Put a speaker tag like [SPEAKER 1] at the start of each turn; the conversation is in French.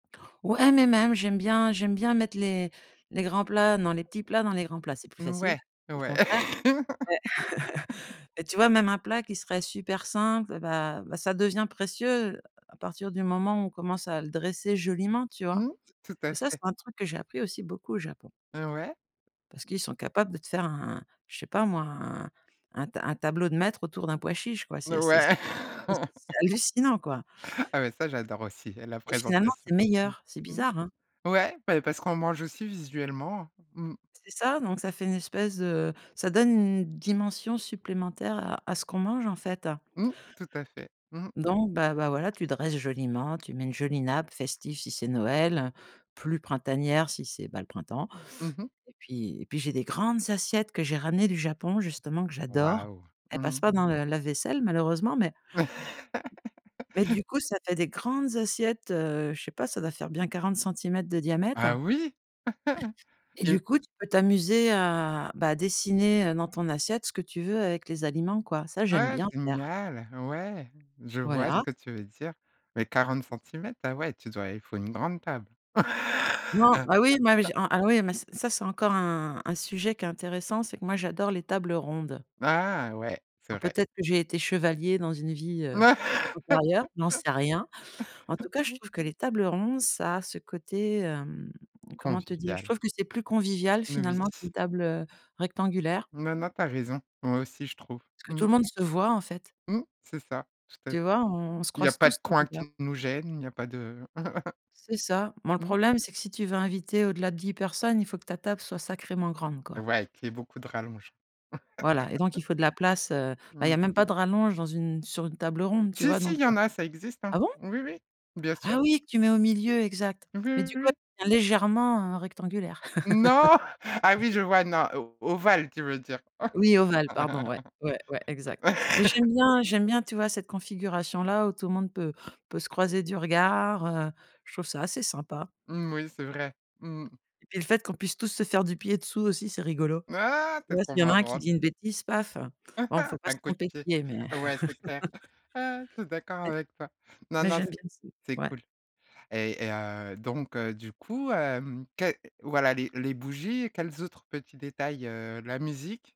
[SPEAKER 1] Ouais, mais même, j'aime bien j'aime bien mettre les les grands plats, non, les petits plats dans les grands plats, c'est plus facile,
[SPEAKER 2] Ouais,
[SPEAKER 1] le
[SPEAKER 2] ouais,.
[SPEAKER 1] contraire. Ouais, et tu vois? Même un plat qui serait super simple, et bah bah ça devient précieux à partir du moment où on commence à le dresser joliment, tu vois?
[SPEAKER 2] Mmh. Tout à
[SPEAKER 1] Et ça, c'est
[SPEAKER 2] fait.
[SPEAKER 1] un truc que j'ai appris aussi beaucoup au Japon.
[SPEAKER 2] Ah, ouais?
[SPEAKER 1] Parce qu'ils sont capables de te faire un je sais pas moi un un ta un tableau de maître autour d'un pois chiche quoi c'est c'est c'est
[SPEAKER 2] Ouais,
[SPEAKER 1] c'est hallucinant, quoi.
[SPEAKER 2] Ah mais ça j'adore aussi, la
[SPEAKER 1] Et finalement,
[SPEAKER 2] présentation.
[SPEAKER 1] c'est
[SPEAKER 2] Mmh
[SPEAKER 1] meilleur, c'est
[SPEAKER 2] mh.
[SPEAKER 1] bizarre, hein?
[SPEAKER 2] Ouais, bah parce qu'on mange aussi visuellement. Mmh.
[SPEAKER 1] C'est ça, donc ça fait une espèce de ça donne une dimension supplémentaire à à ce qu'on mange en fait.
[SPEAKER 2] Mmh. Tout à fait. Mmh.
[SPEAKER 1] Donc, ben ben voilà, tu dresses joliment, tu mets une jolie nappe festive si c'est Noël, plus printanière si c'est bah le printemps,
[SPEAKER 2] Mmh mh.
[SPEAKER 1] et puis et puis j'ai des grandes assiettes que j'ai ramenées du Japon justement que j'adore.
[SPEAKER 2] Waouh!
[SPEAKER 1] Elles
[SPEAKER 2] Mmh
[SPEAKER 1] passent
[SPEAKER 2] mh.
[SPEAKER 1] pas dans le lave-vaisselle malheureusement mais mais du coup, ça fait des grandes assiettes, heu je sais pas, ça doit faire bien 40 centimètres de diamètre.
[SPEAKER 2] Ah oui?,
[SPEAKER 1] Et
[SPEAKER 2] et
[SPEAKER 1] du coup, tu peux t'amuser à bah à dessiner dans ton assiette ce que tu veux avec les aliments quoi. Ça, j'aime
[SPEAKER 2] Ouais,
[SPEAKER 1] bien faire.
[SPEAKER 2] génial! Ouais. Je vois ce
[SPEAKER 1] Voilà.
[SPEAKER 2] que tu veux dire, mais 40 centimètres, ah ouais tu dois il faut une grande table.
[SPEAKER 1] Non, ah oui ah oui, mais ça c'est c'est encore un un sujet qui est intéressant, c'est que moi, j'adore les tables rondes.
[SPEAKER 2] Ah! Ouais, c'est
[SPEAKER 1] Alors,
[SPEAKER 2] vrai.
[SPEAKER 1] peut-être que j'ai été chevalier dans une vie, heu, antérieure, j'en sais rien. En tout cas, je trouve que les tables rondes, ça a ce côté, mmh, comment te dire, je
[SPEAKER 2] Convivial.
[SPEAKER 1] trouve que c'est plus convivial, finalement,
[SPEAKER 2] [unintelligible]
[SPEAKER 1] qu'une table, heu, rectangulaire.
[SPEAKER 2] Non, non, tu as raison, moi aussi, je trouve.
[SPEAKER 1] Parce que tout
[SPEAKER 2] Mmh.
[SPEAKER 1] le monde se voit, en fait.
[SPEAKER 2] Mmh. C'est ça, tout à
[SPEAKER 1] Tu
[SPEAKER 2] fait.
[SPEAKER 1] vois? On se
[SPEAKER 2] Il y a
[SPEAKER 1] croise
[SPEAKER 2] pas de
[SPEAKER 1] tous du
[SPEAKER 2] coin
[SPEAKER 1] regard.
[SPEAKER 2] qui nous gêne, il y a pas de.
[SPEAKER 1] C'est ça. Bon, le
[SPEAKER 2] Mmh.
[SPEAKER 1] problème, c'est que si tu veux inviter au-delà de 10 personnes, il faut que ta table soit sacrément grande, quoi.
[SPEAKER 2] Ouais, qu'il y ait beaucoup de rallonge,.
[SPEAKER 1] Voilà, et donc il faut de la place, heu, bah il y
[SPEAKER 2] Mmh.
[SPEAKER 1] a même pas de rallonge dans une sur une table ronde, tu
[SPEAKER 2] Si
[SPEAKER 1] vois?
[SPEAKER 2] si
[SPEAKER 1] Donc
[SPEAKER 2] il y
[SPEAKER 1] heu,
[SPEAKER 2] en a, ça existe, hein,
[SPEAKER 1] ah bon?
[SPEAKER 2] oui, oui, bien sûr.
[SPEAKER 1] Ah oui, que tu mets au milieu, exact,
[SPEAKER 2] Oui,
[SPEAKER 1] mais
[SPEAKER 2] oui,
[SPEAKER 1] du coup,
[SPEAKER 2] oui.
[SPEAKER 1] elle devient légèrement rectangulaire.
[SPEAKER 2] Non, ah oui, je vois, non, ovale, tu veux dire?.
[SPEAKER 1] Oui, ovale, pardon, ouais, ouais, ouais, exact, mais j'aime bien j'aime bien, tu vois? Cette configuration la où tout le monde peut peut se croiser du regard heu je trouve ça assez sympa.
[SPEAKER 2] Mmh, oui, c'est vrai. Mmh.
[SPEAKER 1] Et le fait qu'on puisse tous se faire du pied dessous aussi, c'est rigolo.
[SPEAKER 2] Ah!
[SPEAKER 1] Tu
[SPEAKER 2] Tu es
[SPEAKER 1] vois? Si
[SPEAKER 2] trop
[SPEAKER 1] il y en a un qui
[SPEAKER 2] marrante!
[SPEAKER 1] dit une bêtise, paf, bon, il faut pas se
[SPEAKER 2] Un coup de
[SPEAKER 1] tromper de
[SPEAKER 2] pied,
[SPEAKER 1] pied, mais.
[SPEAKER 2] ouais c'est clair. Ah je suis d'accord
[SPEAKER 1] Et
[SPEAKER 2] avec toi. Non
[SPEAKER 1] mais
[SPEAKER 2] non,
[SPEAKER 1] j'aime
[SPEAKER 2] c'est
[SPEAKER 1] bien ça,
[SPEAKER 2] c'est
[SPEAKER 1] ouais.
[SPEAKER 2] cool, et heu, donc heu, du coup, heu, quel, voilà les les bougies, quels autres petits détails, heu, la musique?